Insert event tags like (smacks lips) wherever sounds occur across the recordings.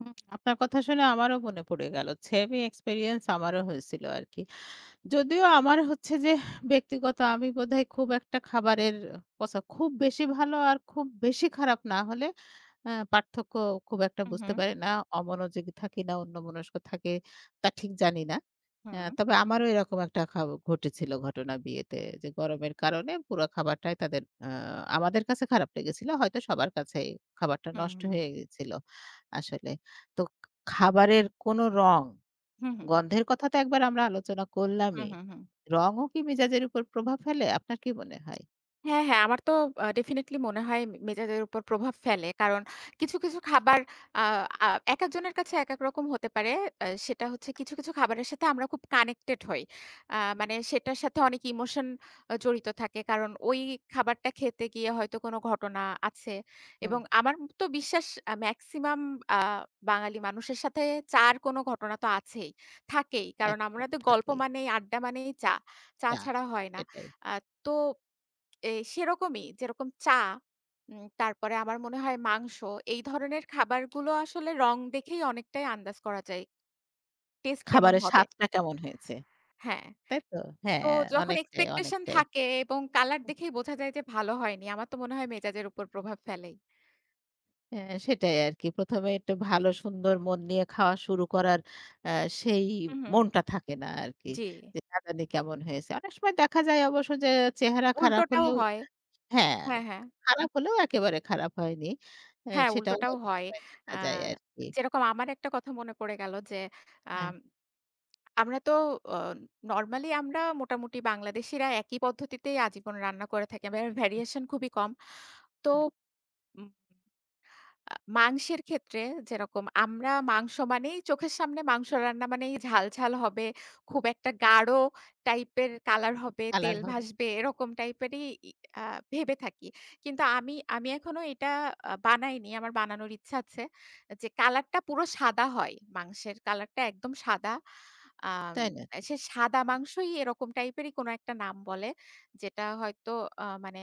হু, আপনার কথা শুনে আমারও মনে পড়ে গেল। সেমই এক্সপেরিয়েন্স আমারও হয়েছিল আরকি। যদিও আমার হচ্ছে যে ব্যক্তিগত আমি বোধহয় খুব একটা খাবারের কথা খুব বেশি ভালো আর খুব বেশি খারাপ না হলে আ পার্থক্য খুব একটা হুম, বুঝতে হুম। পারি না অমনোযোগী থাকি না অন্যমনস্ক থাকে তা ঠিক জানি না। এ হুম। তবে আমারও এরকম একটা খ ঘটেছিল ঘটনা বিয়েতে যে গরমের কারণে পুরো খাবারটাই তাদের আ আমাদের কাছে খারাপ লেগেছিল। হয়তো সবার কাছেই খাবারটা হুম, নষ্ট হুম। হয়ে গিয়েছিল আসলে। তো খাবারের কোনো রং, হুম, হুম। গন্ধের কথা তো একবার আমরা আলোচনা হুম, করলামই। হুম, হুম। রংও কি মেজাজের উপর প্রভাব ফেলে আপনার কি মনে হয়? হ্যাঁ, হ্যাঁ আমার তো আ ডেফিনিটলি মনে হয় মে মেজাজের উপর প্রভাব ফেলে। কারণ কিছু, কিছু খাবার আ আ একেক জনের কাছে একেক রকম হতে পারে। আ সেটা হচ্ছে কিছু, কিছু খাবারের সাথে আমরা খুব কানেক্টেড হই। আ মানে সেটার সাথে অনেক ইমোশন আ জড়িত থাকে। কারণ ওই খাবারটা খেতে গিয়ে হয়তো কোনো ঘটনা আছে। হুম। এবং আমার তো বিশ্বাস মেক্সিমাম আ বাঙালি মানুষের সাথে চা'র কোনো ঘটনা তো আছেই, থাকেই। কারণ আমরা একজন গল্প থাকেই। মানেই আড্ডা মানেই চা। চা না ছাড়া হয় না। এটাই। আ তো এ সেরকমই যেরকম চা উম তারপরে আমার মনে হয় মাংস এই ধরনের খাবারগুলো আসলে রং দেখেই অনেকটাই আন্দাজ করা যায়। টেস্ট কেমন খাবারের হবে? স্বাদটা কেমন হয়েছে? হ্যাঁ। তাই তো? তো হ্যাঁ যখন অনেকটাই, এক্সপেকটেশন অনেকটাই। থাকে এবং কালার দেখেই বোঝা যায় যে ভালো হয়নি। আমার তো মনে হয় মেজাজের উপর প্রভাব ফেলেই। হ্যাঁ সেটাই আরকি। ১ম এ একটু ভালো সুন্দর মন নিয়ে খাওয়া শুরু করার আ সেই হুম, হুম। মনটা থাকে না আরকি। জি। যে না জানি কেমন হয়েছে। অনেক সময় দেখা যায় অবশ্য যে চেহারা খারাপ উল্টোটাও হলেও হয়। হ্যাঁ, হ্যাঁ, হ্যাঁ। খারাপ হলেও একেবারে খারাপ হয়নি। আ হ্যাঁ সেটাও উল্টোটাও অনেক হয়। সময় আ দেখা যায় আরকি। যেরকম আমার একটা কথা মনে পড়ে গেল যে হ্যাঁ। আম (smacks lips) আমরা তো ও নরমালি আমরা মোটামুটি বাংলাদেশিরা একই পদ্ধতিতেই আজীবন রান্না করে থাকি। ভে ভেরিয়েশন খুবই কম। তো হুম। উম আ মাংসের ক্ষেত্রে যেরকম আমরা মাংস মানেই চোখের সামনে মাংস রান্না মানেই ঝাল, ঝাল হবে। খুব একটা গাঢ় টাইপের কালার হবে, কালার তেল হবে। ভাসবে। এরকম টাইপেরই আ ভেবে থাকি। কিন্তু আমি আমি এখনো এটা বানাইনি। আমার বানানোর ইচ্ছা আছে যে কালার টা পুরো সাদা হয়। মাংসের কালার টা একদম সাদা। আ তাই নাকি? সে সাদা মাংসই এরকম টাইপেরই কোনো একটা নাম বলে। যেটা হয়তো আ মানে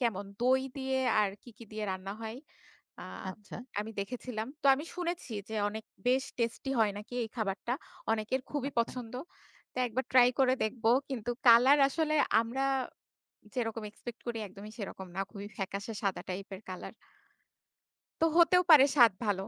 কেমন দই দিয়ে আর কি, কি দিয়ে রান্না হয়। আ আচ্ছা। আমি দেখেছিলাম। তো আমি শুনেছি যে অনেক বেশ টেস্টি হয় নাকি এই খাবারটা। অনেকের খুবই আচ্ছা। পছন্দ। তো একবার ট্রাই করে দেখব। কিন্তু কালার আসলে আমরা যেরকম এক্সপেক্ট করি একদমই সেরকম না। খুবই ফ্যাকাশে সাদা টাইপ এর কালার তো হতেও পারে স্বাদ ভালো।